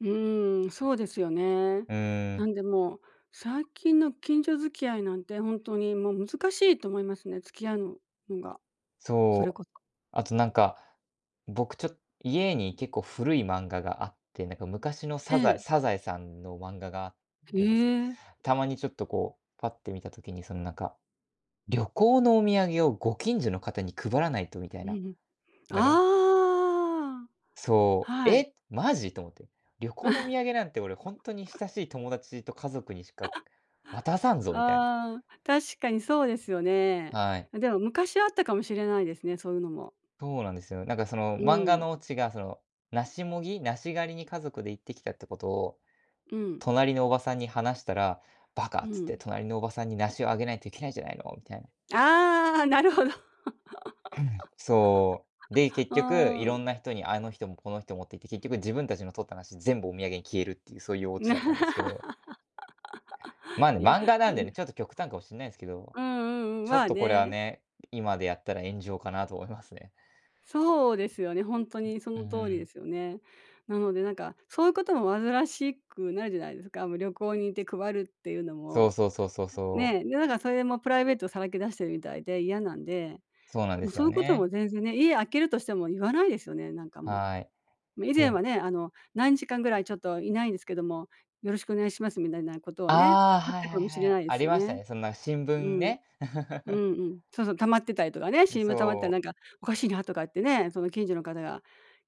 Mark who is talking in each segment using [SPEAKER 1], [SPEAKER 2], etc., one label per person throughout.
[SPEAKER 1] うーん、そうですよね。
[SPEAKER 2] うー
[SPEAKER 1] な
[SPEAKER 2] ん。
[SPEAKER 1] んでもう、最近の近所付き合いなんて、ほんとにもう難しいと思いますね、付き合うののが、それ
[SPEAKER 2] そう。
[SPEAKER 1] こそ。
[SPEAKER 2] あとなんか、僕ちょ家に結構古い漫画があって、なんか昔の
[SPEAKER 1] え
[SPEAKER 2] サザエ
[SPEAKER 1] え。
[SPEAKER 2] サザエさんの漫画があ
[SPEAKER 1] へ
[SPEAKER 2] るんですけ、
[SPEAKER 1] え。
[SPEAKER 2] たまにちょっとこうパッて見た時にそのなんか、旅行のお土産をご近所の方に配らないとみたい
[SPEAKER 1] う
[SPEAKER 2] な、
[SPEAKER 1] んうん。
[SPEAKER 2] なんか
[SPEAKER 1] ああ、
[SPEAKER 2] そう
[SPEAKER 1] はい。
[SPEAKER 2] 「え、マジ」と思って。旅行の土産なんて俺ほんとに 親しい友達と家族にしか渡さんぞみたいな。
[SPEAKER 1] ああ、確かにそうですよね。
[SPEAKER 2] はい。
[SPEAKER 1] あ、でも昔はあったかもしれないですね、そういうのも。
[SPEAKER 2] そうなんですよ。なんかその
[SPEAKER 1] う
[SPEAKER 2] 漫画
[SPEAKER 1] ん。
[SPEAKER 2] のオチがその梨もぎ梨狩りに家族で行ってきたってことを、
[SPEAKER 1] うん。
[SPEAKER 2] 隣のおばさんに話したら、「バカ」
[SPEAKER 1] う
[SPEAKER 2] っつって
[SPEAKER 1] ん。
[SPEAKER 2] 「隣のおばさんに梨をあげないといけないじゃないの」みたいな。
[SPEAKER 1] ああ、なるほど。
[SPEAKER 2] そう。で、結局、
[SPEAKER 1] あ
[SPEAKER 2] いろん
[SPEAKER 1] ん。
[SPEAKER 2] な人にあの人もこの人もっていって、結局自分たちの取った梨、全部お土産に消えるっていう、そういうオチだったんですけど。まあ、ね、
[SPEAKER 1] いや、
[SPEAKER 2] 漫画
[SPEAKER 1] う
[SPEAKER 2] なんで
[SPEAKER 1] ん。
[SPEAKER 2] ね、ちょっと極端かもしんないですけど、
[SPEAKER 1] うんうんうん、
[SPEAKER 2] ちょ
[SPEAKER 1] ま
[SPEAKER 2] っ
[SPEAKER 1] あ
[SPEAKER 2] とこれは
[SPEAKER 1] ね。
[SPEAKER 2] ね、今でやったら炎上かなと思いますね。
[SPEAKER 1] そうですよね、ほんと
[SPEAKER 2] ん、
[SPEAKER 1] にそ
[SPEAKER 2] うー
[SPEAKER 1] の通りで
[SPEAKER 2] ん。
[SPEAKER 1] すよね。なので、なんか、そういうことも煩しくなるじゃないですか。あの、旅行に行って配るっていうの
[SPEAKER 2] そう
[SPEAKER 1] も
[SPEAKER 2] そうそうそう
[SPEAKER 1] はい、
[SPEAKER 2] そう。
[SPEAKER 1] ね、で、なんかそれでもプライベートさらけ出してるみたいで嫌なんで、
[SPEAKER 2] そうなんで
[SPEAKER 1] もう
[SPEAKER 2] す
[SPEAKER 1] そう
[SPEAKER 2] よ
[SPEAKER 1] いうこと
[SPEAKER 2] ね。
[SPEAKER 1] も全然ね、家空けるとしても言わないですよね、なんかも
[SPEAKER 2] はい、
[SPEAKER 1] う。め以
[SPEAKER 2] て
[SPEAKER 1] 前は
[SPEAKER 2] ん
[SPEAKER 1] ね、あの、「何日間ぐらいちょっといないんですけども、よろしくお願いします」みだいなことをね、
[SPEAKER 2] ああ、
[SPEAKER 1] あっ
[SPEAKER 2] はい
[SPEAKER 1] た
[SPEAKER 2] は
[SPEAKER 1] かもし
[SPEAKER 2] い
[SPEAKER 1] れ
[SPEAKER 2] はい、
[SPEAKER 1] ないで
[SPEAKER 2] あ
[SPEAKER 1] す
[SPEAKER 2] り
[SPEAKER 1] よ
[SPEAKER 2] ました
[SPEAKER 1] ね。
[SPEAKER 2] ね、そんな新
[SPEAKER 1] う
[SPEAKER 2] 聞
[SPEAKER 1] ん。
[SPEAKER 2] ね。
[SPEAKER 1] う んうん。そうそう、溜まってたりとかね、
[SPEAKER 2] ん、
[SPEAKER 1] 新聞溜まってた
[SPEAKER 2] そ
[SPEAKER 1] らな
[SPEAKER 2] う。
[SPEAKER 1] んかおかしいなとかってね、その近所の方が、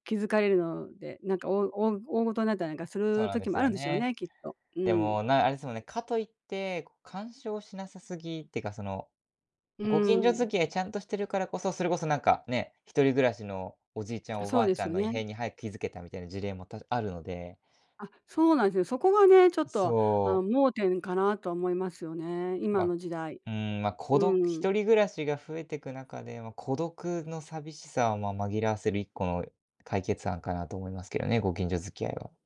[SPEAKER 1] 気づかれるので、なんかおうおお大事になったりなんかす
[SPEAKER 2] そう
[SPEAKER 1] る
[SPEAKER 2] なんで
[SPEAKER 1] 時
[SPEAKER 2] す
[SPEAKER 1] もあ
[SPEAKER 2] よ
[SPEAKER 1] るんでしょう
[SPEAKER 2] ね。
[SPEAKER 1] ね、きっと。う
[SPEAKER 2] で
[SPEAKER 1] ん。
[SPEAKER 2] も、なあれですもんね、かといって、こ、干渉しなさすぎってかその、
[SPEAKER 1] う
[SPEAKER 2] ご近所
[SPEAKER 1] ん。
[SPEAKER 2] 付き合いちゃんとしてるからこそ、それこそなんか、ね、一人暮らしの、おじいちゃん、
[SPEAKER 1] あ、
[SPEAKER 2] お
[SPEAKER 1] そ
[SPEAKER 2] ば
[SPEAKER 1] う
[SPEAKER 2] あ
[SPEAKER 1] で
[SPEAKER 2] ちゃ
[SPEAKER 1] す
[SPEAKER 2] ん
[SPEAKER 1] よ
[SPEAKER 2] の異
[SPEAKER 1] ね。
[SPEAKER 2] 変に早く気づけたみたいな事例もたずあるので
[SPEAKER 1] あ、そうなんですね。そこがね、ちょっ
[SPEAKER 2] あ、
[SPEAKER 1] と、あ
[SPEAKER 2] そ
[SPEAKER 1] の、
[SPEAKER 2] う。
[SPEAKER 1] 盲点かなとは思いますよね。今
[SPEAKER 2] ま、
[SPEAKER 1] の時代。
[SPEAKER 2] うーん、ま、孤
[SPEAKER 1] う
[SPEAKER 2] 独
[SPEAKER 1] んうん。
[SPEAKER 2] 一人暮らしが増えてく中で、ま、孤独の寂しさを、まあ、紛らわせる一個の、解決案かなと思いますけどね、ご近所付き合いは。